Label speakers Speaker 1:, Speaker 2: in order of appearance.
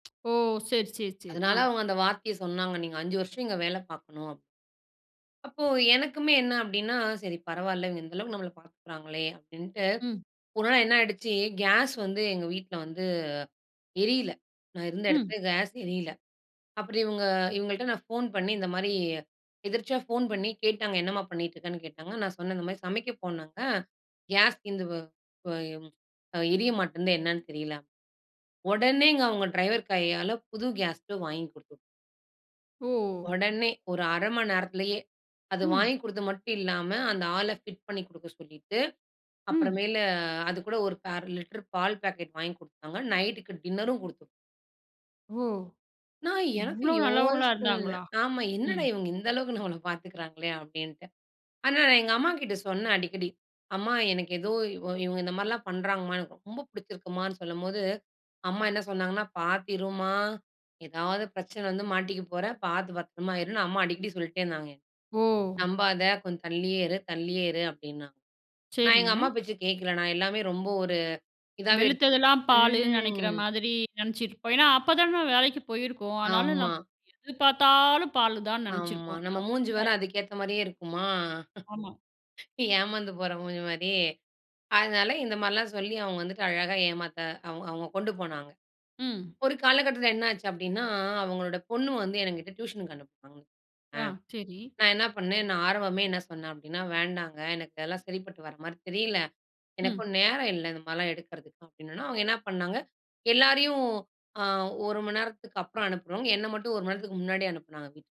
Speaker 1: ஓ! சரி, சரி, சரி,
Speaker 2: அதனால,
Speaker 1: ஆ.
Speaker 2: அவங்க அந்த வார்த்தைய சொன்னாங்க. நீங்க 5 வருஷம் இங்க வேல பாக்கணும். அப்போ, எனக்குமே என்ன அப்படினா, சரி பரவாயில்ல இவங்க இந்த அளவு நம்மள பாத்துகிறாங்களே அப்டின்டு.
Speaker 1: ம்.
Speaker 2: ஒரு நாள் என்ன ஆய்டுச்சி கேஸ் வந்து எங்க வீட்ல் வந்து எரியல. நான் இருந்த
Speaker 1: ம்.
Speaker 2: எடத்துல கேஸ் எரியல. அப்பறம் இவங்க இவங்கள்ட நான் போன் பண்ணி இந்த மாரி எதிர்ச்சியா போன் பண்ணி கேட்டாங்க என்னம்மா பண்ணிட்ருக்கனு கேட்டாங்க. நான் சொன்ன இந்த மாதிரி சமைக்க போனங்க கேஸ் தீந்து போ போ எ எரிய மாட்டேன்து என்னன்னு தெரியல. ஒடனேங்க அவங்க டிரைவர் கையால புது கேஸ் ஸ்டவ் வாங்கி குடுத்து
Speaker 1: ஓ!
Speaker 2: ஒடனே ஒரு 1/2 மணி நேரத்துலையே அது
Speaker 1: ம்.
Speaker 2: வாங்கி கொடுத்து மட்டும் இல்லாம, அந்த ஆள ஃபிட் பண்ணி குடுக்க சொல்லிட்டு, அப்பறம்
Speaker 1: ம்.
Speaker 2: மேல, அது கூட ஒரு 1/2 லிட்டர் பால் பாக்கெட் வாங்கி கொடுத்தாங்க. நைட்டுக்கு டின்னரும் குடுத்து
Speaker 1: ஓ!
Speaker 2: நான் எனக்கும்
Speaker 1: இவ்ளோ நல்லவங்களா
Speaker 2: யோசனல்ல
Speaker 1: இருந்தாங்களா?
Speaker 2: ஆமா. என்னடா
Speaker 1: ம்.
Speaker 2: இவங்க இந்த அளவுக்கு நம்மள பாத்துகிறாங்களே அப்டின்டு. ஆனா, நான் எங்க அம்மாகிட்ட சொன்னேன் அடிக்கடி அம்மா எனக்கு ஏதோ இவ இவங்க இந்த மாரிலாம் பண்றங்கமா, எனக்கு ரொம்ப புடிச்சிருக்குமானு சொல்லும்போது, அம்மா என்ன சொன்னாங்கான பார்த்திருமா எதாது பிரச்சன வந்து மாட்டிக்கப்போற, பாத்து பத்தரமா இருன்னு அம்மா அடிக்கடி சொல்லிட்டே இருந்தாங்க.
Speaker 1: ஓ!
Speaker 2: நம்பாத கொஞ்ச தள்ளியே இரு தள்ளியே இரு அப்டின்னாங்க. நான் எங்க அம்மா
Speaker 1: சரிங்க.
Speaker 2: பேச்ச கேக்கல. நான் எல்லாமே ரொம்ப ஒரு இதாவே எடுத்துக்கிட்டேன்.
Speaker 1: வெளுத்ததுலாம் பாலுனு நெனைக்கிற
Speaker 2: ம்.
Speaker 1: மாதிரி, நெனைச்சிருப் ஏன்னா, அப்ப தான வேலைக்கு போயிருக்கோம். அதனால நம்
Speaker 2: ஆமா.
Speaker 1: எது பாத்தாலும் பாலுதானு
Speaker 2: ஆமா.
Speaker 1: நெனைச்சிருப்போம்.
Speaker 2: நம்ம
Speaker 1: அப்பறம்
Speaker 2: மூஞ்சு
Speaker 1: என்னா
Speaker 2: வேற
Speaker 1: ஆச்சி?
Speaker 2: அதுக்கு ஏத்த மாரியே இருக்குமா?
Speaker 1: ஆமா.
Speaker 2: ஏமாந்து போற மூஞ்சி மாரி, அதனால இந்த மாரிலாம் சொல்லி அவங்க வந்துட்டு அழகா ஏமாத்த அவங் அவங்க கொண்டு போனாங்க.
Speaker 1: ம்.
Speaker 2: ஒரு காலகட்டத்துல என்ன ஆச்சி அப்டினா அவங்களோட பொண்ணு வந்து எங்கிட்ட டியூஷனுக்கு அனுப்புனாங்க. அ,
Speaker 1: ஆ, சரி.
Speaker 2: நான் என்னா பண்ணேன் நான் ஆரம்பமே என்ன சொன்ன அப்டின்னா, வேண்டாங்க எனக்கு அதுல்லா சரிப்பட்டு வர மாரி தெரியல.
Speaker 1: ம்.
Speaker 2: எனக்கும் நேரம் இல்ல இந்த மாதிரிலாம் எடுக்கறதுக்கு அப்டின்னுனே, அவங்க என்னா பண்ணாங்க எல்லாரையும் ஆ, 1 மணி நேரத்துக்கு அப்பறம் அனுப்புறவங்க என்ன மட்டும் 1 மணி நேரத்துக்கு முன்னாடியே அனுப்புனாங்க வீட்டுக்கு.